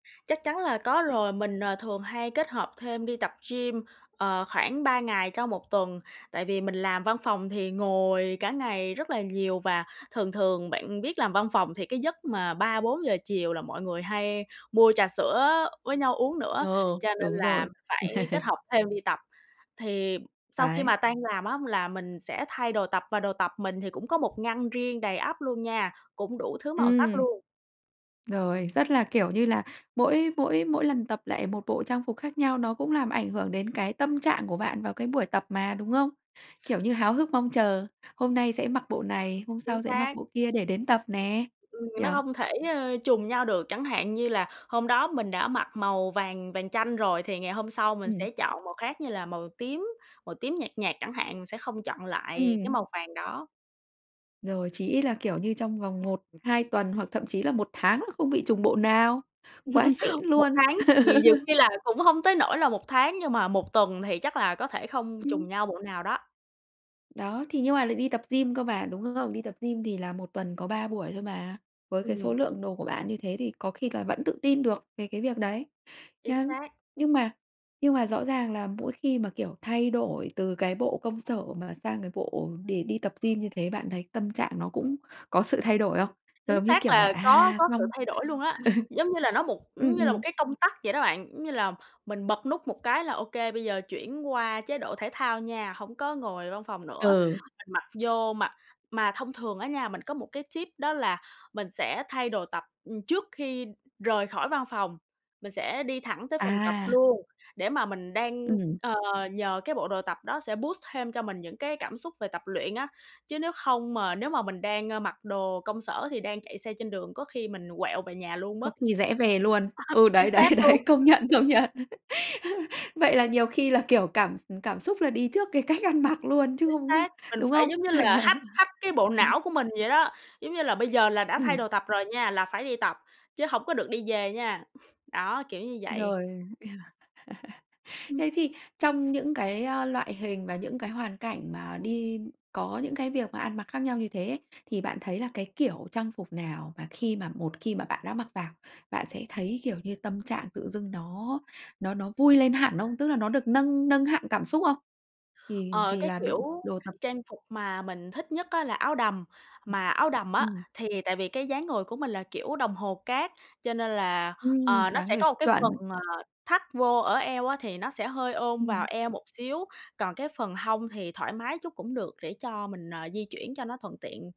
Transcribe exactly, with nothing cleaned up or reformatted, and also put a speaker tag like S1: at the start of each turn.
S1: Chắc chắn là có rồi. Mình, ờ, thường hay kết hợp thêm đi tập gym, ờ, khoảng ba ngày trong một tuần, tại vì mình làm văn phòng thì ngồi cả ngày rất là nhiều. Và thường thường, bạn biết làm văn phòng thì cái giấc mà ba bốn giờ chiều là mọi người hay mua trà sữa với nhau uống nữa,
S2: Ờ,
S1: cho nên
S2: đúng
S1: là
S2: rồi.
S1: phải kết hợp thêm đi tập. Thì sau khi
S2: Đấy.
S1: mà tan làm á là mình sẽ thay đồ tập, và đồ tập mình thì cũng có một ngăn riêng đầy ắp luôn nha, cũng đủ thứ màu sắc
S2: Ừm.
S1: luôn.
S2: Rồi, rất là kiểu như là mỗi mỗi mỗi lần tập lại một bộ trang phục khác nhau nó cũng làm ảnh hưởng đến cái tâm trạng của bạn vào cái buổi tập mà, đúng không? Kiểu như háo hức mong chờ, hôm nay sẽ mặc bộ này, hôm
S1: Chính
S2: sau sẽ mặc
S1: xác.
S2: bộ kia để đến tập nè,
S1: Ừ,
S2: nhỉ?
S1: nó không thể, ơ, trùng nhau được, chẳng hạn như là hôm đó mình đã mặc màu vàng vàng chanh rồi thì ngày hôm sau mình
S2: Ừm.
S1: sẽ chọn màu khác như là màu tím, màu tím nhạt nhạt chẳng hạn, sẽ không chọn lại cái
S2: Ừm.
S1: màu vàng đó.
S2: Rồi, chí ít là, kiểu, như trong vòng một, hai tuần hoặc thậm chí là một tháng là không bị trùng bộ nào. Quá xịn
S1: Một
S2: luôn!
S1: tháng thì nhiều khi là cũng hông tới nỗi là một tháng nhưng mà một tuần thì chắc là có thể không
S2: Ừm.
S1: trùng nhau bộ nào đó.
S2: Đó, thì nhưng mà lại đi tập gym cơ mà, đúng không? Đi tập gym thì là một tuần có ba buổi thôi mà. Với cái số
S1: Ừm.
S2: lượng đồ của bạn như thế thì có khi là vẫn tự tin được về cái việc đấy,
S1: Chính
S2: nhá.
S1: xác.
S2: Nhưng mà nhưng mà rõ ràng là mỗi khi mà, kiểu, thay đổi từ cái bộ công sở mà sang cái bộ để đi tập gym như thế, bạn thấy tâm trạng nó cũng có sự thay đổi không?
S1: Chính
S2: Giống như
S1: xác
S2: kiểu là
S1: là có
S2: "À"
S1: có sự
S2: xong
S1: thay đổi luôn á,
S2: Ừ,
S1: giống như là, nó một giống
S2: ừm,
S1: như là một
S2: ừm.
S1: cái công tắc vậy đó bạn, giống như là mình bật nút một cái là ô kê, bây giờ chuyển qua chế độ thể thao nha, hổng có ngồi văn phòng nữa,
S2: Ừ.
S1: mình mặc vô mà mà thông thường á nha, mình có một cái tip đó là mình sẽ thay đồ tập trước khi rời khỏi văn phòng, mình sẽ đi thẳng tới phòng tập
S2: À!
S1: luôn để mà mình đang,
S2: Ừm.
S1: ờ, nhờ cái bộ đồ tập đó sẽ boost thêm cho mình những cái cảm xúc về tập luyện á, chứ nếu không mà nếu mà mình đang mặc đồ công sở thì đang chạy xe trên đường, có khi mình quẹo về nhà luôn mất.
S2: Có khi rẽ về luôn. Ừ,
S1: Chính
S2: đấy, đấy,
S1: xác luôn.
S2: đấy, công nhận, công nhận. Vậy là nhiều khi là, kiểu, cảm x cảm xúc là đi trước cái cách ăn mặc luôn chứ
S1: Chính
S2: không
S1: xác, mình
S2: đúng
S1: phải
S2: không?
S1: giống như
S2: Bạn nhỉ?
S1: là hack hack cái bộ
S2: Ừm.
S1: não của mình vậy đó, giống như là bây giờ là đã thay
S2: Ừm.
S1: đồ tập rồi nha, là phải đi tập, chứ hổng có được đi về nha. Đó, kiểu như vậy.
S2: Rồi. Thế
S1: Ừm.
S2: thì trong những cái, ờ, loại hình và những cái hoàn cảnh mà đi có những cái việc mà ăn mặc khác nhau như thế ấy, thì bạn thấy là cái kiểu trang phục nào mà khi mà một khi mà bạn đã mặc vào, bạn sẽ thấy, kiểu như, tâm trạng tự dưng nó nó nó vui lên hẳn không? Tức là nó được nâng nâng hạng cảm xúc không? Thì
S1: Ờ,
S2: thì
S1: cái
S2: là đồ
S1: kiểu
S2: đồ tập
S1: trang phục mà mình thích nhất á là áo đầm. Mà áo đầm á,
S2: Ừm.
S1: thì tại vì cái dáng người của mình là kiểu đồng hồ cát, cho nên là,
S2: Ừm,
S1: ờ, nó
S2: dáng
S1: sẽ
S2: người
S1: có cái
S2: chuẩn.
S1: phần, ờ, thắt vô ở eo á thì nó sẽ hơi ôm
S2: Ừm.
S1: vào eo một xíu, còn cái phần hông thì thoải mái chút cũng được để cho mình, ờ, di chuyển cho nó thuận tiện.